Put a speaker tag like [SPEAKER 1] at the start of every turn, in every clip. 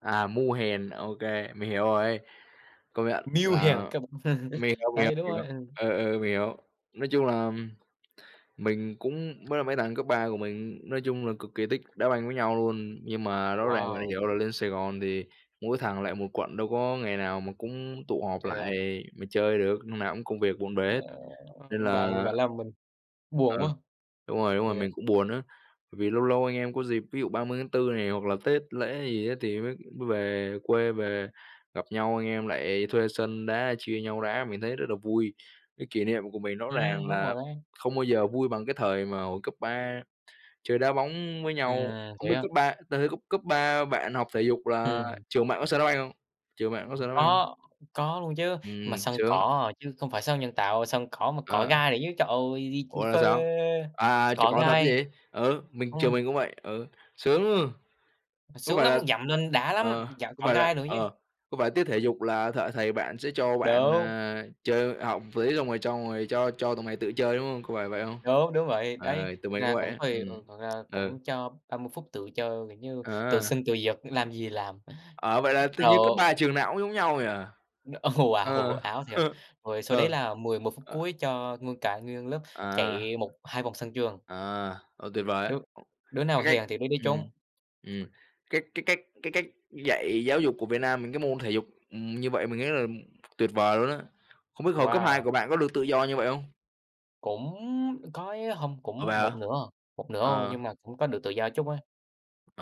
[SPEAKER 1] À, mưu hèn, ô kê, mình hiểu rồi, công nhận
[SPEAKER 2] Mưu hèn
[SPEAKER 1] là
[SPEAKER 2] kế bẩn.
[SPEAKER 1] mình hiểu, mình hiểu,
[SPEAKER 2] Đấy, đúng rồi.
[SPEAKER 1] hiểu.
[SPEAKER 2] Ừ.
[SPEAKER 1] Ờ, ờ, mình hiểu. Nói chung là mình cũng với là mấy thằng cấp 3 của mình nói chung là cực kỳ thích đá banh với nhau luôn. Nhưng mà rõ ràng là
[SPEAKER 2] Wow!
[SPEAKER 1] dạo này lên Sài Gòn thì mỗi thằng lại một quận, đâu có ngày nào mà cũng tụ họp
[SPEAKER 2] [unintelligible] thế à?
[SPEAKER 1] lại mà chơi được, lúc nào cũng công việc bộn bể hết, nên
[SPEAKER 2] Bạn
[SPEAKER 1] là
[SPEAKER 2] bạn làm mình buồn
[SPEAKER 1] Ờ,
[SPEAKER 2] quá.
[SPEAKER 1] đúng rồi, đúng rồi,
[SPEAKER 2] Yeah.
[SPEAKER 1] mình cũng buồn á, bởi vì lâu lâu anh em có dịp, ví dụ 30/4 này hoặc là Tết lễ gì á, thì mới mới về quê, về gặp nhau, anh em lại thuê sân đá, chia nhau đá, mình thấy rất là vui. Cái kỷ niệm của mình rõ
[SPEAKER 2] Ừm,
[SPEAKER 1] ràng
[SPEAKER 2] đúng
[SPEAKER 1] là
[SPEAKER 2] rồi đấy.
[SPEAKER 1] không bao giờ vui bằng cái thời mà hồi cấp 3 chơi đá bóng với nhau.
[SPEAKER 2] Ừm,
[SPEAKER 1] Không
[SPEAKER 2] thế
[SPEAKER 1] biết
[SPEAKER 2] á?
[SPEAKER 1] cấp ba tới tới cấp cấp 3 bạn học thể dục là
[SPEAKER 2] Ừm.
[SPEAKER 1] trường bạn có sân đá banh hông? Trường bạn có sân
[SPEAKER 2] [unintelligible]
[SPEAKER 1] đá banh hông?
[SPEAKER 2] có, có luôn chứ, mà
[SPEAKER 1] Ừm,
[SPEAKER 2] sân
[SPEAKER 1] sướng.
[SPEAKER 2] cỏ, chứ không phải sân nhân tạo, sân cỏ mà cỏ
[SPEAKER 1] Ờ.
[SPEAKER 2] gai nữa chứ. Trời ơi,
[SPEAKER 1] Ủa,
[SPEAKER 2] [unintelligible]
[SPEAKER 1] là
[SPEAKER 2] phê!
[SPEAKER 1] sao? À, trượt
[SPEAKER 2] Cỏ
[SPEAKER 1] cỏ thật chứ
[SPEAKER 2] gai.
[SPEAKER 1] gì? Ừ, mình trường
[SPEAKER 2] Ừm.
[SPEAKER 1] mình cũng vậy, ừ, sướng!
[SPEAKER 2] Mà
[SPEAKER 1] Có
[SPEAKER 2] sướng
[SPEAKER 1] phải
[SPEAKER 2] lắm,
[SPEAKER 1] là
[SPEAKER 2] dậm lên đã lắm,
[SPEAKER 1] ờ,
[SPEAKER 2] dậm
[SPEAKER 1] có
[SPEAKER 2] cỏ
[SPEAKER 1] phải là
[SPEAKER 2] gai nữa chứ.
[SPEAKER 1] ờ, có phải tiết thể dục là th thầy bạn sẽ cho bạn,
[SPEAKER 2] Đúng.
[SPEAKER 1] à, chơi học với xong rồi cho ngồi cho cho tụi mày tự chơi, đúng hông? Có phải vậy không?
[SPEAKER 2] Đúng, đúng vậy, đấy,
[SPEAKER 1] Ờ, tụi
[SPEAKER 2] thực
[SPEAKER 1] mình cũng
[SPEAKER 2] ra
[SPEAKER 1] vậy
[SPEAKER 2] cũng
[SPEAKER 1] á,
[SPEAKER 2] tùy,
[SPEAKER 1] ừm,
[SPEAKER 2] ừ, thực ra
[SPEAKER 1] ừ.
[SPEAKER 2] cũng cho 30 phút tự chơi, kiểu như, tự
[SPEAKER 1] À.
[SPEAKER 2] sinh tự diệt, làm gì làm.
[SPEAKER 1] Ờ, vậy là tựa như cấp
[SPEAKER 2] Rồi
[SPEAKER 1] 3 trường nào cũng giống nhau nhỉ?
[SPEAKER 2] Đ Ồ, wow,
[SPEAKER 1] Ờ.
[SPEAKER 2] ảo thiệt. Rồi sau đấy
[SPEAKER 1] Ờ,
[SPEAKER 2] là 11 phút
[SPEAKER 1] ờ.
[SPEAKER 2] cuối cho nguyên cả nguyên lớp
[SPEAKER 1] À.
[SPEAKER 2] chạy một hai vòng sân trường.
[SPEAKER 1] À, ô, tuyệt vời á.
[SPEAKER 2] Đứa đứa nào
[SPEAKER 1] Cái cách
[SPEAKER 2] hèn thì đứa đấy
[SPEAKER 1] ừm,
[SPEAKER 2] trốn.
[SPEAKER 1] ừm, cái cái cách cái cách dạy giáo dục của Việt Nam mình, cái môn thể dục, ừm, như vậy, mình nghĩ là tuyệt vời luôn á. Không biết hồi cấp 2
[SPEAKER 2] Wow.
[SPEAKER 1] của bạn có được tự do như vậy hông?
[SPEAKER 2] Cũng có ấy hông,
[SPEAKER 1] Ủa,
[SPEAKER 2] cũng
[SPEAKER 1] vậy hả?
[SPEAKER 2] một nửa à, một nửa thôi
[SPEAKER 1] Ờ.
[SPEAKER 2] nhưng mà cũng có được tự do chút á.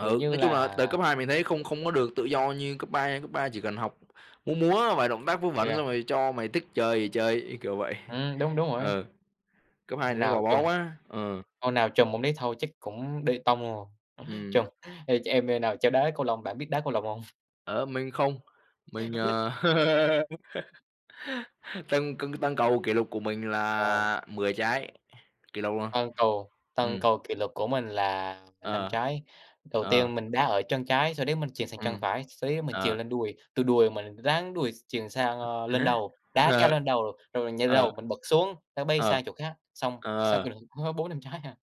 [SPEAKER 2] Kiểu như
[SPEAKER 1] nói chung là
[SPEAKER 2] là
[SPEAKER 1] từ cấp 2 mình thấy không không có được tự do như cấp 3 nha, cấp 3 chỉ cần học, múa múa vài động tác vớ
[SPEAKER 2] Thế
[SPEAKER 1] vẩn
[SPEAKER 2] à?
[SPEAKER 1] xong rồi cho mày thích chơi thì chơi, cái kiểu vậy.
[SPEAKER 2] Ừm, đúng, đúng rồi.
[SPEAKER 1] Ừ, cấp 2 thì nó
[SPEAKER 2] Nào
[SPEAKER 1] gò
[SPEAKER 2] trùm.
[SPEAKER 1] bó quá, ừ.
[SPEAKER 2] Ông nào trùm ông đấy thôi chắc cũng đi tong luôn rồi.
[SPEAKER 1] Ừm.
[SPEAKER 2] Trùm ê, ch em em nào chơi đá cầu lông, bạn biết đá cầu lông hông?
[SPEAKER 1] Ờ, mình không, mình, ờ tâng câng tâng cầu kỷ lục của mình
[SPEAKER 2] Ờ.
[SPEAKER 1] là 10 trái, kỷ lục luôn,
[SPEAKER 2] Tâng cầu, tâng
[SPEAKER 1] ừm.
[SPEAKER 2] cầu kỷ lục của mình là, à, 5
[SPEAKER 1] Ờ,
[SPEAKER 2] trái. Đầu
[SPEAKER 1] ờ.
[SPEAKER 2] tiên mình đá ở chân trái, sau đấy mình chuyền sang chân
[SPEAKER 1] Ừm,
[SPEAKER 2] phải, sau đấy mình chuyền
[SPEAKER 1] ờ.
[SPEAKER 2] lên đùi, từ đùi mình ráng đùi s chuyền sang, ơ, lên đầu, đá cao
[SPEAKER 1] Ờ. Ờ.
[SPEAKER 2] lên đầu, rồi mình nhà
[SPEAKER 1] Ờ.
[SPEAKER 2] lầu mình bật xuống, nó bay
[SPEAKER 1] Ờ,
[SPEAKER 2] sang chỗ khác. Xong, sau kỷ
[SPEAKER 1] ờ.
[SPEAKER 2] lục có 4-5 trái à.